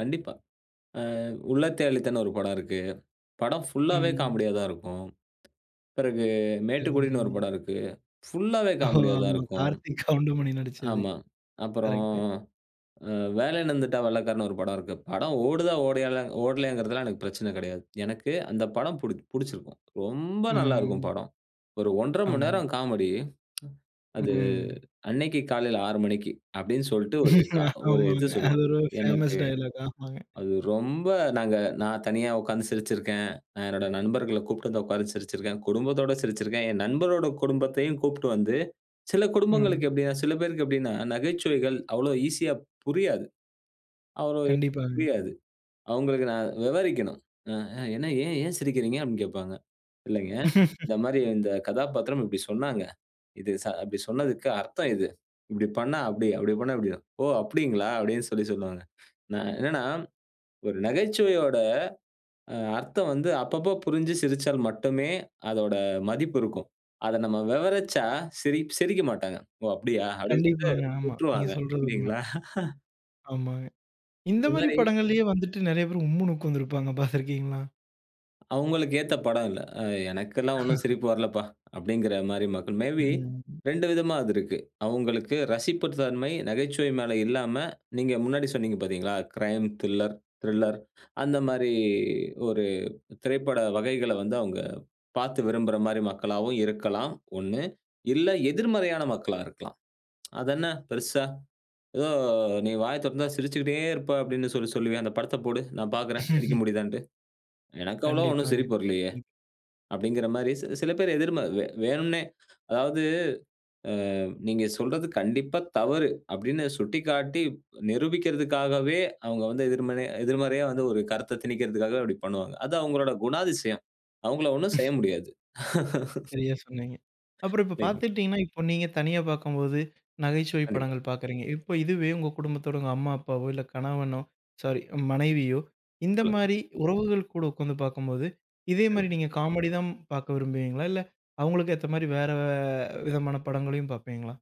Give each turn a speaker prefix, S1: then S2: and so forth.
S1: கண்டிப்பா. ஆ, உள்ளத்தை அள்ளித்தான்னு ஒரு படம் இருக்கு. படம் ஃபுல்லாவே
S2: ம்.
S1: காமெடியா தான் இருக்கும். பிறகு மேட்டுக்குடின்னு ஒரு
S2: [unintelligible]
S1: படம் இருக்கு. ஃபுல்லாவே
S2: ஓ!
S1: காமெடியா தான்
S2: ஆமா.
S1: இருக்கும்.
S2: கார்த்திக், கவுண்டமணி நடிச்சது.
S1: ஆமா. அப்புறம்
S2: கரெக்ட்டு.
S1: அ வேலையின்னு வந்துட்டா வெள்ளக்காரன் ஒரு படம் இருக்கு. படம் ஓடுதா ஓடயலாங் ஓடலேங்கிறதுலாம் எனக்குப் பிரச்சனை கிடையாது. எனக்கு அந்தப் படம் பிடிச்சு பிடிச்சிருக்கும். ரொம்ப நல்லா இருக்கும்
S2: ம்.
S1: படம். ஒரு 1:30 மணி
S2: ஆமாங்க.
S1: நேரம் காமெடி.
S2: ம்,
S1: அது
S2: ம்.
S1: அன்னக்கி காலையில 6 மணிக்கு அப்பிடின்னு சொல்லிட்டு ஒரு த ஒரு இது
S2: ஆமாங்க. அது
S1: சொல்லுவான்.
S2: ஒரு
S1: எனக்கு,
S2: ஃபேமஸ் டயலாக் ஆமாங்க.
S1: அது ரொம்ப நாங்க நான் தனியா உக்காந்து சிரிச்சு இருக்கேன். அ என்னோட நண்பர்களக் கூப்பிட்டு உக்கார வச்சு சிரிச்சு இருக்கேன். குடும்பத்தோட சிரிச்சு இருக்கேன். என் நண்பரோட குடும்பத்தையும் கூப்புட்டு வந்து சில குடும்பங்களுக்கு
S2: ம்.
S1: எப்பிடின்னா, சில பேருக்கு எப்பிடின்னா நகைச்சுவைகள் அவ்ளோ ஈசியா புரியாது. [unintelligible]
S2: கண்டிப்பாங்க.
S1: புரியாது. அவுங்களுக்கு நான் விவரிக்கணும். அ, ஆ என்ன ஏன் ஏன் சிரிக்கிறீங்க அப்பிடின்னு கேப்பாங்க. இல்லேங்க. இந்தமாரி இந்தக் கதாபாத்திரம் இப்பிடி சொன்னாங்க. இது ச அப்பிடி சொன்னதுக்கு அர்த்தம் இது. இப்பிடி பண்ணா அப்பிடி அப்பிடி பண்ணா இப்பிடிதான். ஓ! அப்பிடிங்களா! அப்பிடின்னு சொல்லிச் சொல்லுவாங்க. நான் என்னன்னா, ஒரு நகைச்சுவையோட, அ அர்த்தம் வந்து அப்பப்ப புரிஞ்சு சிரிச்சால் மட்டுமே அதோட மதிப்பு இருக்கும். அத நம்ம விவரிச்சா சிரி சிரிக்க மாட்டாங்க. ஓ! அப்பிடியா அப்பிடின் சொல்டு
S2: கண்டிப்பாங்க, ஆமா.
S1: விட்டுருவாங்க.
S2: நீங்கச் சொல்றது உண்மை.
S1: இல்லேங்களா!
S2: ஆமாங்க.
S1: ஒரு
S2: இந்தமாரி
S1: மாரி
S2: படங்கள்லயே வந்துட்டு நிறைய பேர் உம்னுன்னு உட்கார்ந்து இருப்பாங்க. பார்த்திருக்கீங்களா?
S1: அவுங்களுக்கு ஏத்த படம் இல்ல. அ எனக்குல்லாம் ஒண்ணும் சிரிப்பு வரலப்பா! அப்பிடிங்கிறமாரி மக்கள். மே பி
S2: ம்.
S1: 2 விதமா அது இருக்கு. அவுங்களுக்கு ரசிப்புத்தன்மை நகைச்சுவை மேல இல்லாம நீங்க முன்னாடி சொன்னீங்க பாத்தீங்களா! க்ரைம், தில்லர் திரில்லர் அந்தமாரி ஒரு திரைப்பட வகைகளை வந்து அவுங்க பாத்து விரும்புறமாரி மக்களாகவும் இருக்கலாம். ஒண்ணு. இல்ல எதிர்மறையான மக்களா இருக்கலாம். அதென்ன பெருசா ஏதோ நீ வாயத் தொறந்தா சிரிச்சுக்கிட்டே இருப்ப அப்பிடின்னு சொல்லி, சொல்லுவியே அந்தப் படத்தப் போடு! நான் பாக்குறேன். சிரிக்க முடியுதான்னு. எனக்கு அவ்வளவு ஒன்னும்
S2: கண்டிப்பாங்க.
S1: சிரிப்பு வரலயே!
S2: ம்.
S1: அப்பிடிங்கிறமாரி சி சில பேர் எதிர்ம. வேணும்னே, அதாவது, அ நீங்கச் சொல்றது கண்டிப்பா தவறு: அப்பிடின்னு சுட்டிக்காட்டி நிரூபிக்கிறதுக்காகவே, அவுங்க எதிர்மறையா எதிர்மறையா ஒரு கருத்தத் திணிக்கிறதுக்காக அப்பிடி பண்ணுவாங்க. அது அவுங்களோட குணாதிசயம். அவுங்களை ஒண்ணும் செய்ய முடியாது.
S2: சரியா சொன்னீங்க. அப்புறம் இப்ப
S1: [unintelligible]
S2: பார்த்துக்கிட்டீங்கன்னா, இப்ப நீங்கத் தனியா பார்க்கும்போது, நகைச்சுவை
S1: கண்டிப்பா.
S2: படங்கள் பார்க்குறீங்க. இப்ப இதுவே உங்க குடும்பத்தோட உங்க அம்மா, அப்பாவோ! இல்ல கணவனோ! ஸாரி. மனைவியோ!
S1: சொல்லுங்க.
S2: இந்தமாரி உறவுகள் கூட உட்கார்ந்து பார்க்கும்போது இதேமாரி
S1: சரிங்க.
S2: நீங்கக் காமெடி தான் பார்க்க விரும்புவீங்களா, இல்ல அவுங்களுக்கு ஏத்தமாரி வேற விதமான படங்களையும் பார்ப்பீங்களா?